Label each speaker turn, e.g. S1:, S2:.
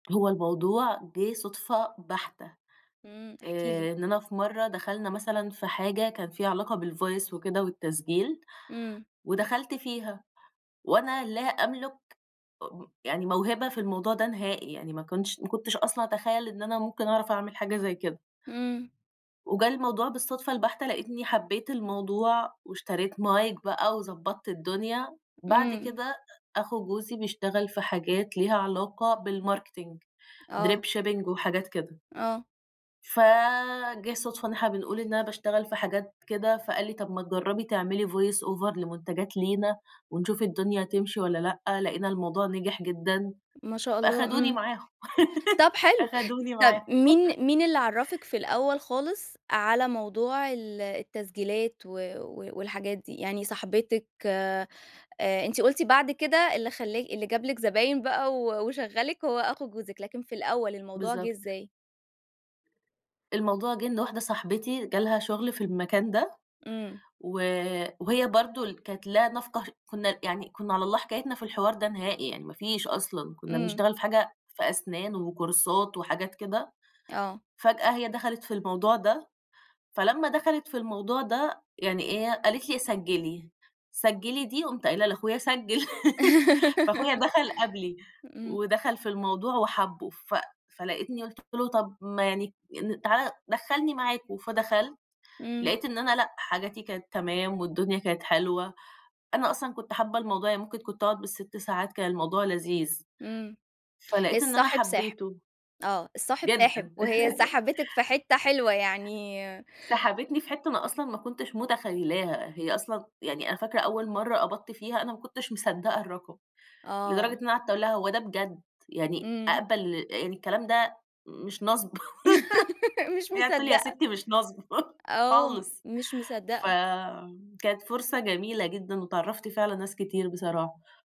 S1: هو الموضوع جِه صدفة بحتة،
S2: امم، احكي لي.
S1: آآ إننا في مرة دخلنا مثلًا في حاجة كان فيها علاقة بالvoice وكده والتسجيل،
S2: امم.
S1: ودخلت فيها، وأنا لا أملُك م يعني موهبة في الموضوع ده نهائي، يعني ما كُنتش ما كُنتش أصلًا أتخيل إن أنا ممكن أعرف أعمل حاجة زي كده.
S2: امم.
S1: وجه الموضوع بالصدفة البحتة لاقيتني حبيت الموضوع، واشتريت Mic بقى وضبَّطت الدنيا، بعد
S2: امم.
S1: كده أخو جوزي بيشتغل في حاجات ليها علاقة بالDrip
S2: آه.
S1: shipping ،marketing وحاجات كده.
S2: آه.
S1: فجِه صدفة إن إحنا بنقول إن أنا باشتغل في حاجات كده، فقال لي: "طب ما تجربي تعملي voice over لمنتجات لينا، ونشوف الدنيا تمشي والّا لأ" لاقينا الموضوع نجح جدًا،
S2: ما شاء الله
S1: فاخدوني
S2: امم،
S1: معاهم،
S2: طب حلو،
S1: أخذوني
S2: طب
S1: معاهم.
S2: مين مين اللي عرفِك في الأول خالص، على موضوع ال التسجيلات و و والحاجات دي، يعني صاحبتِك، آآ أنتِ قلتِ بعد كده اللي خلا اللي جاب لِك زباين بقى و وشغَّلِك هو أخو جوزِك لكن في الأول الموضوع جِه
S1: بالضبط.
S2: إزاي؟
S1: الموضوع جِه إن واحدة صاحبتي جالها شغل في المكان، ده
S2: امم.
S1: و وهي برضو ال كانت لا نَفْقه كُنا يعني، كُنا على الله حكايتنا في الحوار ده نهائي يعني ما فيش أصلًا، كُنا
S2: امم.
S1: بنشتغل في حاجة في أسنان وكورسات وحاجات كده،
S2: آه.
S1: فجأة هي دخَلِت في الموضوع ده، فلمّا دخَلِت في الموضوع ده، يعني إيه قالت لي سجّلي، سجّلي دي قمت قايلة لاخويا سجّل، فأخويا دخل قبلي،
S2: امم.
S1: ودخل في الموضوع وحبه، ف فلقيتني قلت له طب ما يعني أ تعالَ دخلني معاكم فدخلت،
S2: امم.
S1: لقيت إن أنا لأ، حاجاتي كانت تمام والدنيا كانت حلوة، أنا أصلًا كُنت حابة الموضوع يعني ممكن كُنت أقعد بال6 ساعات كان الموضوع لذيذ،
S2: امم،
S1: فلقيت إن أنا
S2: الصاحب ساحب،
S1: حبيته.
S2: آه الصاحب ساحب
S1: جدًا.
S2: وهي سحبتِك في حتة حلوة يعني
S1: سحبتني في حتى أنا أصلًا ما كُنتش متخيلاها، هي أصلًا يعني أنا فاكرة أول مرة قبضت فيها أنا ما كُنتش مصدقة الرقم، لدرجة إن
S2: آه.
S1: أنا قعدت اقول لها هو ده بجد، يعني
S2: امم.
S1: أقبل الكلام ده مش نصب،
S2: مش
S1: هي تقول لي يا
S2: مصدقة.
S1: ستي مش نصب،
S2: آه،
S1: خالص
S2: مش مصدقة.
S1: فكانت فرصة جميلة جدًا واتعرفت فيها علي ناس كتير بصراحة.